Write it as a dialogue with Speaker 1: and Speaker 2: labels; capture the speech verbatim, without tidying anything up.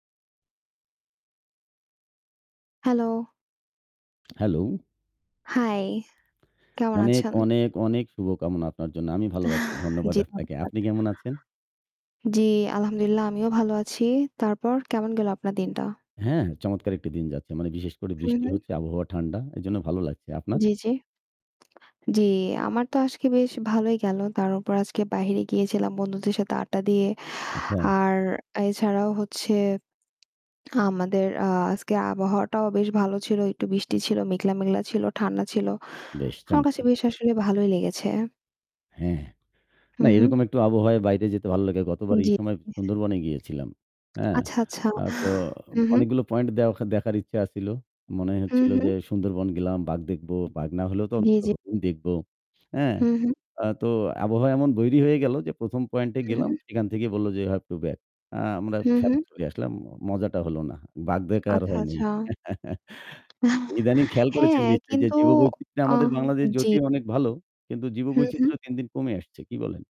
Speaker 1: Hello.
Speaker 2: Hello.
Speaker 1: High, কেমন
Speaker 2: অনেক,
Speaker 1: আছেন?
Speaker 2: অনেক, অনেক শুভকামনা আপনার জন্য। আমি ভালো আছি। ধন্যবাদ
Speaker 1: জ্বি,
Speaker 2: আপনাকে।
Speaker 1: ধন্যবাদ।
Speaker 2: আপনি কেমন আছেন?
Speaker 1: জ্বি, আলহামদুলিল্লাহ আমিও ভালো আছি। তারপর কেমন গেল আপনার দিনটা?
Speaker 2: হ্যাঁ, চমৎকার! একটি দিন যাচ্ছে। মানে বিশেষ করে
Speaker 1: হুম,
Speaker 2: বৃষ্টি
Speaker 1: হুম।
Speaker 2: হচ্ছে, আবহাওয়া ঠান্ডা। এজন্য ভালো লাগছে। আপনার?
Speaker 1: জ্বি, জ্বি। জ্বি, আমার তো আসকে বেশ ভালোই গেল। তার ওপর আজকে বাহিরে গিয়েছিলাম বন্ধুদের সাথে আড্ডা দিয়ে।
Speaker 2: আচ্ছা।
Speaker 1: আর এছাড়াও হচ্ছে আমাদের আ আজকে আবহাওয়াটাও বেশ ভালো ছিল, একটু বৃষ্টি ছিল। মেঘলা, মেঘলা ছিল, ঠান্ডা ছিল।
Speaker 2: বেশ
Speaker 1: আমার কাছে
Speaker 2: চমৎকার!
Speaker 1: বেশ আসলে ভালোই লেগেছে।
Speaker 2: হ্যাঁ।
Speaker 1: হু,
Speaker 2: না
Speaker 1: হু।
Speaker 2: এরকম একটু আবহাওয়ায় বাইরে যেতে ভালো লাগে। গতবার এই
Speaker 1: জ্বী।
Speaker 2: সময় সুন্দরবনে গিয়েছিলাম, হ্যাঁ?
Speaker 1: আচ্ছা, আচ্ছা।
Speaker 2: আ তো
Speaker 1: হু, হু।
Speaker 2: অনেকগুলো পয়েন্ট দেও দেখার ইচ্ছা আছিল। মনেই
Speaker 1: হু,
Speaker 2: হচ্ছিল যে
Speaker 1: হু।
Speaker 2: সুন্দরবন গেলাম বাঘ দেখবো, বাঘ না হলেও তো
Speaker 1: জি,
Speaker 2: অন্তত
Speaker 1: জি।
Speaker 2: হরিণ দেখব, হ্যাঁ?
Speaker 1: হু, হু।
Speaker 2: আ তো আবহাওয়া এমন বৈরী হয়ে গেল যে প্রথম পয়েন্টে
Speaker 1: হু,
Speaker 2: গেলাম।
Speaker 1: হু।
Speaker 2: সেখান থেকে বললো যে you have to back। আ আমরা
Speaker 1: হু,
Speaker 2: ফেরত
Speaker 1: হু।
Speaker 2: চলে আসলাম। অম মজাটা হল না। বাঘ দেখা আর
Speaker 1: আচ্ছা,
Speaker 2: হয়নি
Speaker 1: আচ্ছা। আহ
Speaker 2: ইদানীং খেয়াল করেছেন
Speaker 1: হ্যাঁ,
Speaker 2: নিশ্চয়ই যে
Speaker 1: কিন্তু
Speaker 2: জীব বৈচিত্রে
Speaker 1: আ
Speaker 2: আমাদের বাংলাদেশের
Speaker 1: জ্বি।
Speaker 2: জ্যোতি অনেক ভালো। কিন্তু জীব
Speaker 1: হুম, হুম।
Speaker 2: বৈচিত্র্য দিন, দিন কমে আসছে। কি বলেন?